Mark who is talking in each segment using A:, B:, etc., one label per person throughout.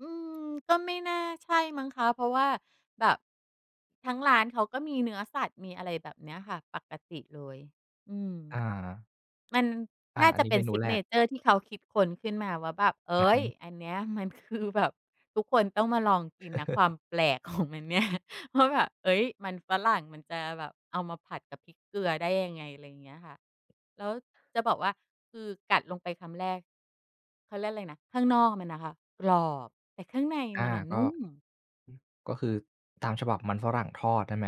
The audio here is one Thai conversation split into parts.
A: อืม ก็ไม่น่าใช่มั้งคะ เพราะว่าแบบ ทั้งร้านเขาก็มีเนื้อสัตว์ มีอะไรแบบเนี้ยค่ะ ปกติเลย อืม
B: อา
A: มัน
B: อา
A: น่า
B: อั
A: จ
B: น
A: ะ
B: นี้
A: เป็
B: เม
A: น
B: นูแรก
A: Signature ที่เขาคิดค้นขึ้นมาว่าแบบ เฮ
B: อือ
A: ้
B: ฮ
A: ย!
B: ึ
A: อันเนี้ยมันคือแบบ ทุกคนต้องมาลองกินนะ ความแปลกของ มันเนี่ย ว่าแบบ เฮ้ย! มันฝรั่งมันจะแบบเอามาผัดกับพริกเกลือได้ยังไง อะไรอย่างเงี้ยค่ะ แล้วจะบอกว่า คือกัดลงไปคำแรก เขาเรียกอะไรนะ ข้างนอกมันอะค่ะกรอบ แต่ข้างใน
B: อา
A: มันอะ
B: ก
A: น
B: ็ อ
A: ุ่ม
B: ก็คือตามฉบับมันฝรั่งทอดใช่ไหม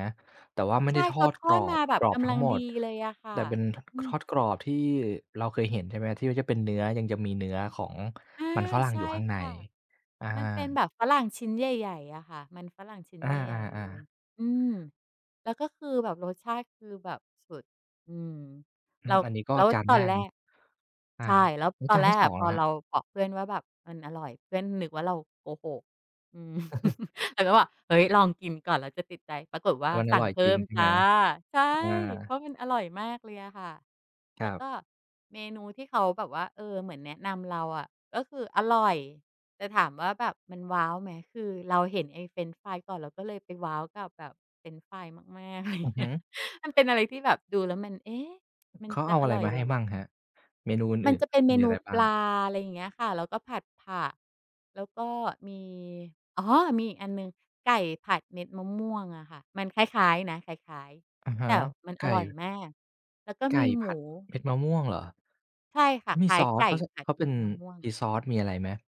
B: แต่ว่าไม่
A: ใช
B: ได
A: ่
B: ้ท
A: เข
B: อ
A: า
B: ด
A: ท
B: ก
A: อ
B: ร
A: ด
B: อ
A: มา
B: บ
A: แบ
B: ก
A: บ
B: รอ
A: ก
B: บท
A: ำ
B: ั
A: ล
B: ้
A: ั
B: ง
A: ง
B: หม
A: ดี
B: ด
A: เลยอะค่ะ
B: แต่เป็น
A: อื
B: ท ทอ
A: ม
B: ดกรอบ ที่เราเคยเห็น ใช่ไหม ที่ว่าเป็นเนื้อ ยังจะมีเนื้อของ
A: อา
B: มันฝรั่ง
A: ใช
B: อ
A: ่
B: ยู่ข้างใน
A: ค่ะ
B: อา
A: มันเป็นแบบฝรั่งชิ้นใหญ่ ๆ อะค่ะ มันฝรั่งชิ้น
B: อา
A: ใหญ่ ๆ เลย
B: ๆ
A: อืม
B: ๆ
A: แล้วก็คือแบบรสชาติคือแบบสุด อืม
B: อื
A: แล้
B: ม
A: ว
B: อันนี้ก็
A: แล้ว
B: จาน
A: ตอ
B: แร
A: น
B: ก
A: แร
B: เนาะ
A: ก
B: อา
A: ใช่ แล้ว
B: แล้ว
A: ตอ
B: จ
A: น
B: าน
A: แร
B: ที่
A: ก
B: ส
A: อ
B: อ
A: ะ
B: ง
A: พ
B: ล
A: อ
B: ่ะคร
A: เ
B: ั
A: ร
B: บ?
A: าบอกเพื่อนว่าแบบมันอร่อย เพื่อนนึกว่าเราโหก อืม แต่ก็บอก "เฮ้ย! ลองกินก่อน แล้วจะติดใจ" ปรากฏว
B: แ
A: ่
B: ต
A: า
B: ่มัน
A: ส
B: อ
A: ั่
B: ร่
A: ง
B: อย
A: เพ
B: จ
A: ิ
B: ร
A: ่
B: ิง
A: ม
B: ใช่
A: จ
B: ไ
A: ้
B: หม?
A: ะ ใช่
B: อ
A: เพร
B: า
A: าะมันอร่อยมากเลยอะค่ะ
B: ค
A: แล
B: ร
A: ้
B: ั
A: ว
B: บ
A: ก็เมนูที่เขาแบบว่า เออ เหมือนแนะนำเราอะ ก็คืออร่อย แต่ถามว่าแบบมันว้าวไหม คือเราเห็นไอ้เฟรนช์ฟรายก่อน เราก็เลยไปว้าวกับแบบเฟรนช์ฟรายมาก ๆ ไรอย
B: อ
A: ่
B: ื
A: า
B: อ
A: งเง
B: ฮ
A: ี้
B: ึ
A: ย มันเป็นอะไรที่แบบดูแล้วมัน "เอ๊ะ! มัน
B: เขา
A: จ
B: เ
A: ะ
B: อา
A: อ
B: อะไร
A: ร่อย
B: มา
A: เ
B: ใ
A: ห
B: ห
A: ร
B: ้
A: อ?"
B: บ้างครับ เมนูอ
A: มัน
B: ื่น
A: จะเป็นเ
B: ๆ
A: ม
B: มี
A: น
B: อะ
A: ู
B: ไรบ
A: ป
B: ้าง?
A: ลา อะไรอย่างเงี้ยค่ะ แล้วก็ผัดผัก แล้วก็มี อ๋อ มีอีกอันหนึ่ง ไก่ผัดเม็ดมะม่วงอ่ะค่ะ มันคล้าย ๆ นะ คล้าย
B: อะฮ
A: ๆ แต
B: ะ
A: ่มัน
B: ไ
A: อ
B: ก
A: ร่อย
B: ่
A: มาก แล้วก็
B: ไก
A: ม
B: ่
A: ีห
B: ผ
A: ม
B: ัด
A: ู
B: เม็ดมะม่วงเหรอ
A: ใช่
B: เ
A: ค
B: ข
A: ่ะ
B: าม
A: ค
B: ี
A: ล้า
B: ซ
A: ย
B: อ
A: ไ
B: ส
A: ก
B: เ
A: ่
B: ขา ท
A: ผั
B: เ
A: ด
B: ขา
A: เ
B: เ
A: ม
B: ป็
A: ็
B: น
A: ดมะม่วง
B: มีซอส มีอะไรไหม?